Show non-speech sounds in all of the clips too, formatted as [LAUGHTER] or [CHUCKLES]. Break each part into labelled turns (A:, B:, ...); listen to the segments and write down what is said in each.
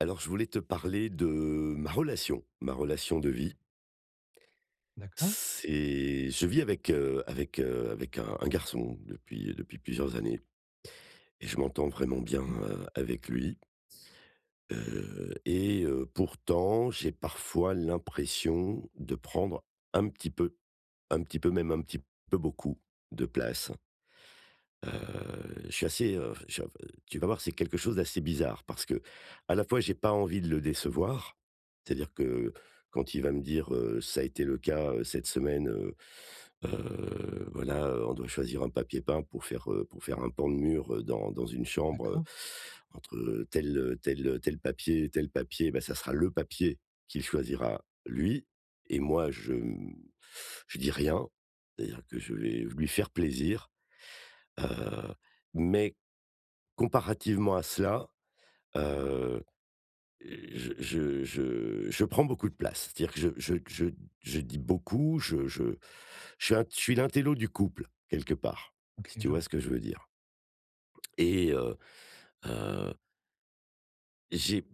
A: Alors, je voulais te parler de ma relation, ma relation de vie
B: D'accord.
A: c'est, je vis avec, heu, avec, heu, avec un un garçon depuis depuis plusieurs années et je m'entends vraiment bien,
B: Mmh.
A: heu, avec lui heu et heu, pourtant j'ai parfois l'impression de prendre un petit peu, un petit peu, même un petit peu beaucoup, de place. Heu, je suis assez, heu, enfin chin heu, tu vas voir, c'est quelque chose d'assez bizarre parce qu'à la fois, j'ai pas envie de le décevoir. C'est-à-dire que, quand il va me dire, heu, ça a été le cas, heu, cette semaine, heu, heu, voilà, heu, on doit choisir un papier peint pour faire, heu, pour faire un pan de mur dans dans une chambre, heu,
B: D'accord.
A: entre tel tel tel papier et tel papier, ben ça sera le papier qu'il choisira lui et moi je, hem, je dis rien. C'est-à-dire que je vais lui faire plaisir, heu, mais, comparativement à cela, heu, j je je je prends beaucoup de place, c'est-à-dire que je je je je dis beaucoup, je je je suis je suis l'intello du couple quelque part,
B: OK,
A: si tu
B: je
A: vois
B: vois.
A: ce que je veux dire. Et heu, heu j'ai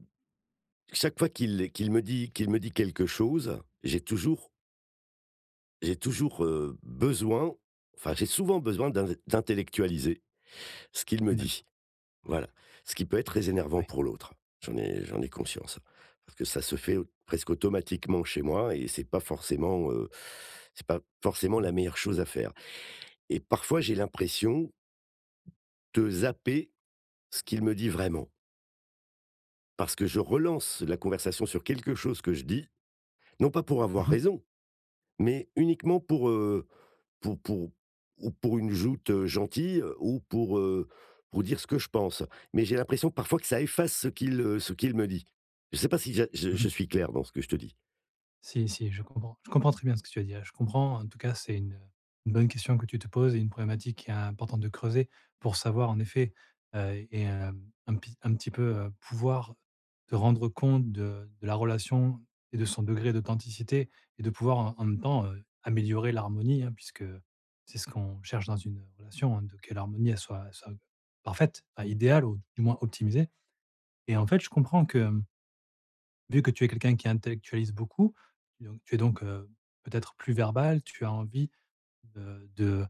A: chaque fois qu'il qu'il me dit qu'il me dit quelque chose, j'ai toujours j'ai toujours, heu, besoin enfin, j'ai souvent besoin d'in d'intellectualiser ce qu'il me
B: D'accord.
A: dit, voilà. Ce qui peut être très énervant
B: Ouais.
A: pour l'autre, j'en ai j'en ai conscience. Parce que ça se fait presque automatiquement chez moi et c'est pas forcément, heu, c'est pas forcément
B: Mmh.
A: la meilleure chose à faire et parfois, j'ai l'impression de zapper ce qu'il me dit vraiment parce que je relance la conversation sur quelque chose que je dis, non pas pour
B: Mmh
A: avoir
B: mh.
A: raison, mais uniquement pour, heu, pour pour ou pour une joute gentille ou pour, heu, pour dire ce que je pense, mais j'ai l'impression que parfois, que ça efface ce qu'il, heu, ce qu'il me dit. Je sais pas si ja je
B: Mmh
A: je
B: mh.
A: suis clair dans ce que je te dis?
B: Si, si, je comprends. Je comprends très bien ce que tu as dit là. Je comprends, en tout cas, c'est une une bonne question que tu te poses et une problématique qui est importante de creuser, pour savoir en effet, heu et heu, un pi un petit peu pouvoir te rendre compte de de la relation et de son degré d'authenticité et de pouvoir en en même temps, heu, améliorer l'harmonie, hein, puisque, c'est ce qu'on cherche dans une relation, de que l'harmonie elle soit-elle soit parfaite, à idéale ou du moins optimisée. Et en fait, je comprends que vu que tu es quelqu'un qui intellectualise beaucoup, donc et donc, heu, peut-être plus verbal, tu as envie, de de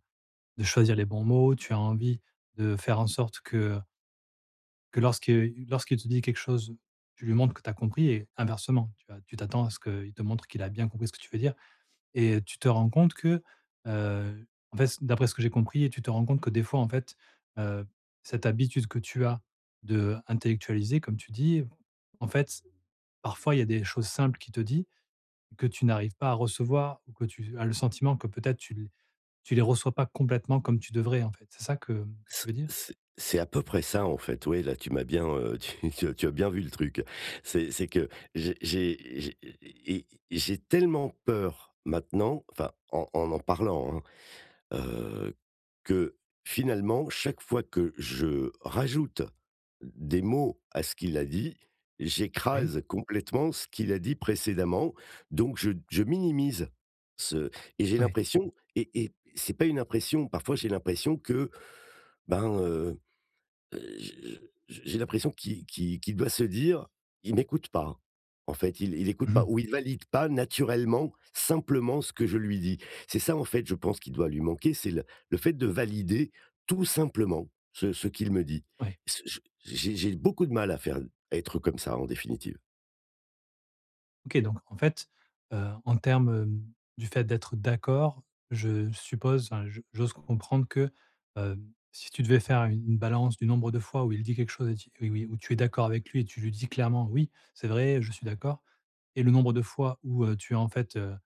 B: de choisir les bons mots, tu as envie de faire en sorte que, heu que lorsque lorsqu'il te dit quelque chose, tu lui montres que tu as compris et inversement tu vas tu t'attends à ce qu'il te montre qu'il a bien compris ce que tu veux dire, et tu te rends compte que, heu, en fait, c d'après ce que j'ai compris et tu te rends compte que, des fois en fait, heu, cette habitude que tu as d'intellectualiser, comme tu dis, en fait, parfois il y a des choses simples qu'il te dit, que tu n'arrives pas à recevoir ou que tu a as le sentiment que peut-être tu les tu les reçois pas complètement comme tu devrais en fait, c'est ça que que
A: C
B: tu veux dire?
A: c c'est à peu près ça en fait, ouais, là, tu m'as bien heu, tu tu tu as bien vu le truc c'est c'est que j'ai j'ai j'ai et j'ai tellement peur maintenant, enfin en en n'en parlant, hein, heu, que finalement chaque fois que je rajoute des mots à ce qu'il a dit,
B: Oui.
A: j'écrase complètement ce qu'il a dit précédemment donc je je minimise ce et j'ai
B: Ouais.
A: l'impression et et c'est pas une impression, parfois, j'ai l'impression que, ben heu, heu, j'ai je j j'ai l'impression qu'il qu'il qu'il doit se dire: «Il m'écoute pas. En fait, il il écoute
B: Mmh
A: pas»
B: mh.
A: ou «Il valide pas naturellement, simplement, ce que je lui dis». C'est ça en fait, je pense, qui doit lui manquer, c'est le le fait de valider tout simplement ce ce qu'il me dit.
B: Ouais. Je
A: Pss ch j'ai
B: comprends.
A: j'ai beaucoup de mal à faire à être comme ça en définitive.
B: OK, donc, en fait, heu, en termes, heu, du fait d'être d'accord, je suppose, enfin, j'ose comprendre que, heu, si tu devais faire u une balance du nombre de fois où il dit quelque chose et ti oui où tu es d'accord avec lui et tu lui dis clairement: «Oui, c'est vrai, je suis d'accord» et le nombre de fois où, heu, tu as en fait, heu,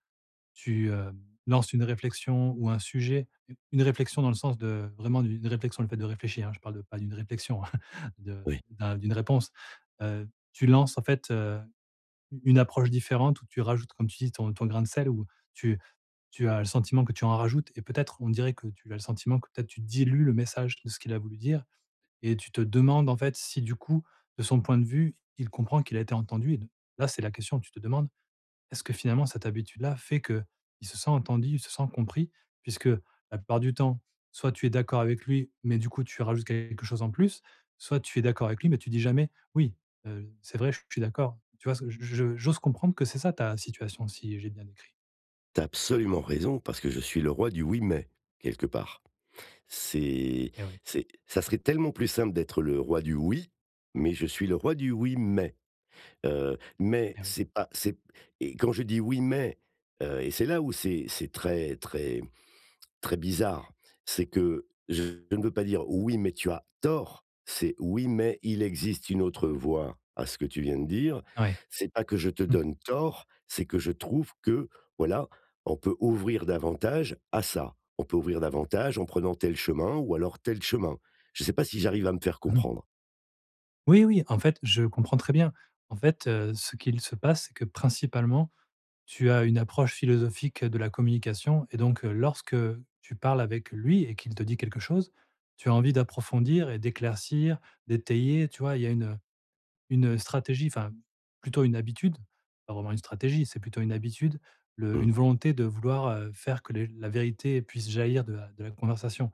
B: tu, heu, lances une réflexion ou un sujet, u une réflexion dans le sens de, vraiment d'une réflexion, le fait de réfléchir, hein, je parle de pas d'une réflexion [CHUCKLES] de
A: Oui.
B: d'un d'une réponse, heu, tu lances en fait, heu, u une approche différente, ou tu rajoutes comme tu dis ton ton grain de sel ou tu tu as le sentiment que tu en rajoutes et peut-être, on dirait que tu as le sentiment que, peut-être, tu dilues le message de ce qu'il a voulu dire, et tu te demandes en fait, si du coup, de son point de vue, il comprend qu'il a été entendu, et donc, là c'est la question, tu te demandes: «Est-ce que finalement cette habitude-là fait qu'il se sent entendu, il se sent compris?» puisque, la plupart du temps, soit tu es d'accord avec lui, mais du coup, tu rajoutes quelque chose en plus, soit tu es d'accord avec lui, mais tu dis jamais: «Oui, heu, c'est vrai, j je suis d'accord.», tu vois? C j j j'ose comprendre que c'est ça ta situation, si j'ai bien décrit.
A: Tu as absolument raison parce que je suis le roi du «Oui, mais» quelque part. C'est
B: Et oui.
A: c'est ça serait tellement plus simple d'être le roi du «Oui», mais je suis le roi du «Oui, mais», heu, mais
B: Ah oui.
A: c'est pas c'est et quand je dis: «Oui, mais», heu, et c'est là où c'est c'est très très très bizarre, c'est que je ne veux pas dire: «Oui, mais tu as tort», c'est: «Oui, mais il existe une autre voie à ce que tu viens de dire.
B: Ouais,
A: C'est pas que je te
B: mmh.
A: donne tort, c'est que je trouve que, voilà, on peut ouvrir davantage à ça. On peut ouvrir davantage en prenant tel chemin ou alors tel chemin». Je sais pas si j'arrive à me faire
B: Mmh mh.
A: comprendre?
B: Oui, oui. En fait, je comprends très bien. En fait, heu, ce qu'il se passe, c'est que principalement, tu as une approche philosophique de la communication et donc, heu, lorsque tu parles avec lui et qu'il te dit quelque chose, tu as envie d'approfondir et d'éclaircir, d'étayer, tu vois? Il y a une, heu, une stratégie enfin plutôt une habitude, pas vraiment une stratégie, c'est plutôt une habitude, le une
A: Mmh.
B: volonté de vouloir, heu, faire que le la vérité puisse jaillir de la de la conversation.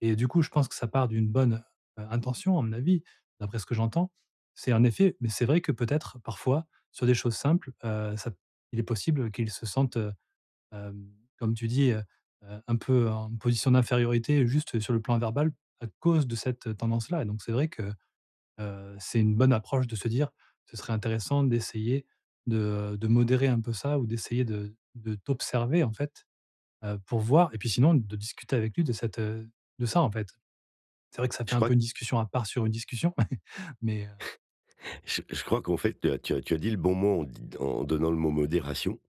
B: Et du coup, je pense que ça part d'une bonne, heu, intention à mon avis, d'après ce que j'entends. C'est en effet mais c'est vrai que peut-être, parfois, sur des choses simples, heu, ça il est possible qu'ils se sentent, heu, hem, comme tu dis, heu, heu, un peu en position d'infériorité juste sur le plan verbal à cause de cette tendance-là, et donc c'est vrai que, heu, c'est une bonne approche de se dire: «Ce serait intéressant d'essayer de, heu, de modérer un peu ça ou d'essayer de de t'observer en fait, heu, pour voir» et puis sinon, de discuter avec lui de cette, heu, de ça en fait. C'est vrai que ça
A: Je
B: fait un
A: crois
B: peu
A: q
B: une discussion à part sur une discussion, [CHUCKLES] mais heu
A: [CHUCKLES] J je crois qu'en fait, tu as tu as tu as dit le bon mot en d d en donnant le mot modération,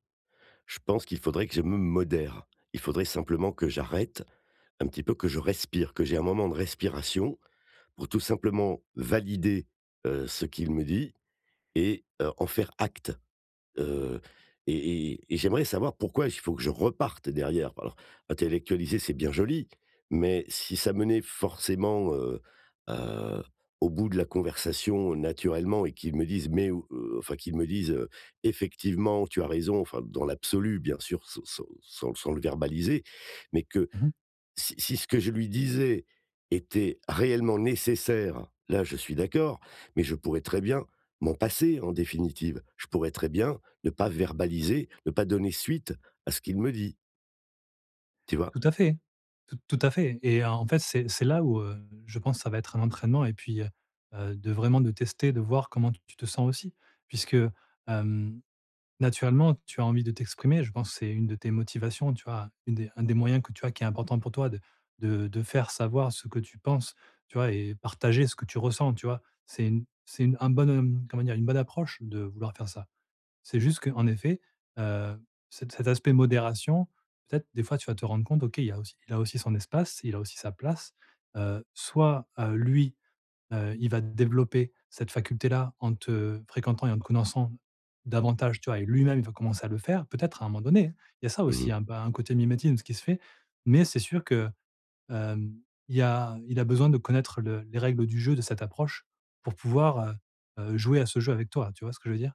A: je pense qu'il faudrait que je me modère. Il faudrait simplement que j'arrête un petit peu, que je respire, que j'ai un moment de respiration pour tout simplement valider, heu, ce qu'il me dit et heu, en faire acte, heu et et et et j'aimerais savoir pourquoi il faut que je reparte derrière? Alors, intellectualiser, c'est bien joli, mais si ça menait forcément, heu, heu, au bout de la conversation naturellement et qu'il me dise: «Mais» ou, heu, enfin qu'il me dise, heu: «Effectivement, tu as raison», enfin dans l'absolu bien sûr sans sans sans le verbaliser, mais que,
B: Mmh mh.
A: si si ce que je lui disais était réellement nécessaire, là, je suis d'accord, mais je pourrais très bien m'en passer en définitive, je pourrais très bien ne pas verbaliser, ne pas donner suite à ce qu'il me dit tu vois?
B: Tout à fait, t tout à fait et en fait, c'est c'est là où, heu, je pense ça va être un entraînement et puis, heu, heu de vraiment de tester, de voir comment t tu te sens aussi, puisque, hem, naturellement tu as envie de t'exprimer, je pense que c'est une de tes motivations, tu vois, une des un des moyens que tu as qui est important pour toi de de de faire savoir ce que tu penses, tu vois, et partager ce que tu ressens, tu vois? C'est une c'est une un bon comment dire? Une bonne approche de vouloir faire ça. C'est juste, qu'en effet, heu, c cet aspect modération, peut-être des fois, tu vas te rendre compte: «OK il y a aussi il a aussi son espace, il a aussi sa place», heu, soit, heu, lui, heu, il va développer cette faculté-là en te fréquentant et en te connaissant davantage, tu vois, et lui-même il va commencer à le faire peut-être, à un moment donné? Il y a ça
A: Mmh
B: aussi,
A: mh.
B: un un côté mimétisme qui se fait, mais c'est sûr que, hem, il y a il a besoin de connaître le les règles du jeu, de cette approche, pour pouvoir, heu, heu, jouer à ce jeu avec toi. Tu vois ce que je veux dire?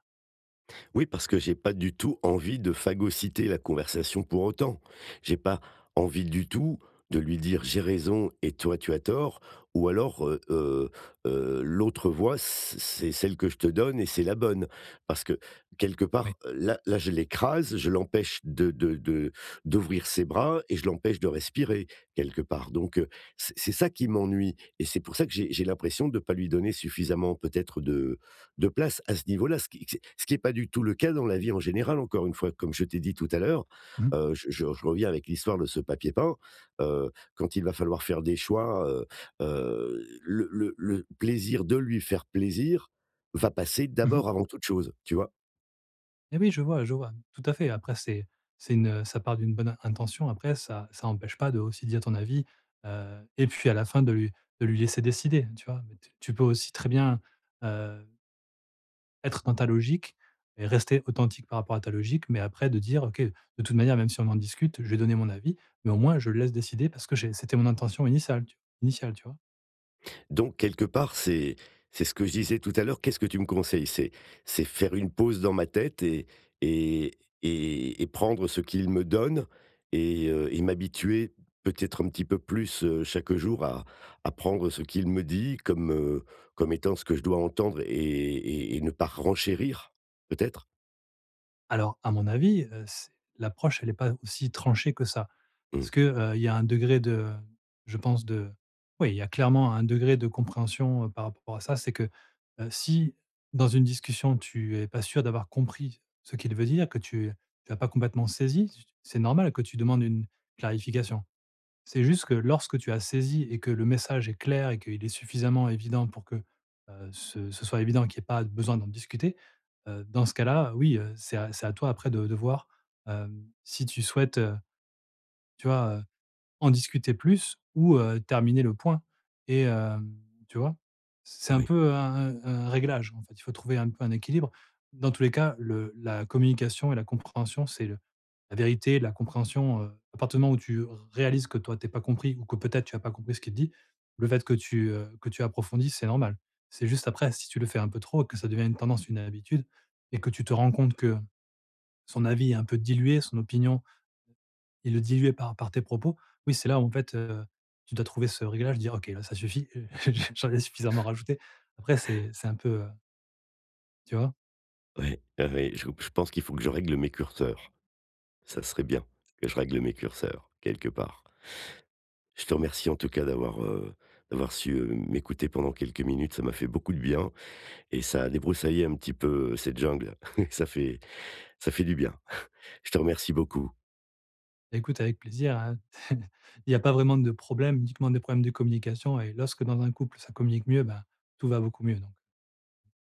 A: Oui, parce que j'ai pas du tout envie de phagocyter la conversation pour autant. J'ai pas envie du tout, de lui dire: «J'ai raison et toi, tu as tort», ou alors, heu heu, heu: «L'autre voie c c c'est celle que je te donne et c'est la bonne», parce que, quelque
B: Ouais.
A: part là là je l'écrase, je l'empêche de de de d'ouvrir ses bras et je l'empêche de respirer quelque part, donc, heu, c c'est ça qui m'ennuie et c'est pour ça que j'ai j'ai l'impression de pas lui donner suffisamment peut-être de de place à ce niveau-là, c qu c ce qui est pas du tout le cas dans la vie en général, encore une fois, comme je t'ai dit tout à l'heure.
B: Mmh.
A: Heu, je je je reviens avec l'histoire de ce papier peint, heu, quand il va falloir faire des choix, heu, heu, le le le plaisir de lui faire plaisir va passer
B: Mmh mh.
A: d'abord avant toute chose, tu vois?
B: Mais oui, je vois, je vois tout à fait, après c'est c'est une ça part d'une bonne intention. Après ça ça empêche pas de aussi dire ton avis, heu et puis à la fin, de lui de lui laisser décider, tu vois? T tu peux aussi très bien, heu être dans ta logique et rester authentique par rapport à ta logique, mais après de dire: «OK, de toute manière même si on en discute, je vais donner mon avis, mais au moins, je le laisse décider parce que j'ai c'était mon intention initiale initiale», tu vois?
A: Donc, quelque part c'est c'est ce que je disais tout à l'heure, qu'est-ce que tu me conseilles? C'est c'est faire une pause dans ma tête et et et et prendre ce qu'il me donne et heu et m'habituer peut-être un petit peu plus, heu, chaque jour à à prendre ce qu'il me dit comme, heu, comme étant ce que je dois entendre et et et ne pas renchérir peut-être?
B: Alors, à mon avis, heu, c l'approche elle est pas aussi tranchée que ça.
A: Mmh.
B: Parce que, heu, y a un degré de, heu, je pense de oui, il y a clairement un degré de compréhension par rapport à ça, c'est que, heu, si, dans une discussion, tu es pas sûr d'avoir compris ce qu'il veut dire, que tu as pas complètement saisi, c'est normal que tu demandes une clarification. C'est juste que lorsque tu as saisi et que le message est clair et qu'il est suffisamment évident pour que, heu, ce ce soit évident qu'il y ait pas besoin d'en discuter, heu, dans ce cas-là, oui, heu, c'est c'est à toi après de voir, heu, si tu souhaites, heu, tu vois, heu, en discuter plus ou, heu, terminer le point et heu, tu vois? C'est un
A: Oui.
B: peu un un un réglage en fait, il faut trouver un peu un équilibre. Dans tous les cas le la communication et la compréhension, c'est le la vérité, la compréhension, heu, à partir du moment où tu r réalises que toi, tu es pas compris ou que peut-être, tu as pas compris ce qu'il dit, le fait que tu, heu, que tu approfondisses, c'est normal. C'est juste après, si tu le fais un peu trop et que ça devient une tendance, une habitude et que tu te rends compte que, son avis est un peu dilué, son opinion, et le diluée par par tes propos, oui c'est là où en fait, heu, tu dois trouver ce réglage dire: «OK, là, ça suffit, heu j'en ai suffisamment rajouté», après
A: [CHUCKLES]
B: c'est c'est un peu, heu tu vois?
A: Ouais, ah oui, j je pense qu'il faut que je règle mes curseurs. Ça serait bien que je règle mes curseurs, quelque part. Je te remercie en tout cas d'avoir d'avoir, heu, d'avoir su, heu, m'écouter pendant quelques minutes, ça m'a fait beaucoup de bien et ça a débroussaillé un petit peu cette jungle, [CHUCKLES] ça fait [INHALES] ça fait du bien, [CHUCKLES] je te remercie beaucoup.
B: Bah, écoute avec plaisir, hein [CHUCKLES] il y a pas vraiment de problème, uniquement des problèmes de communication et lorsque dans un couple ça communique mieux, bah, tout va beaucoup mieux donc.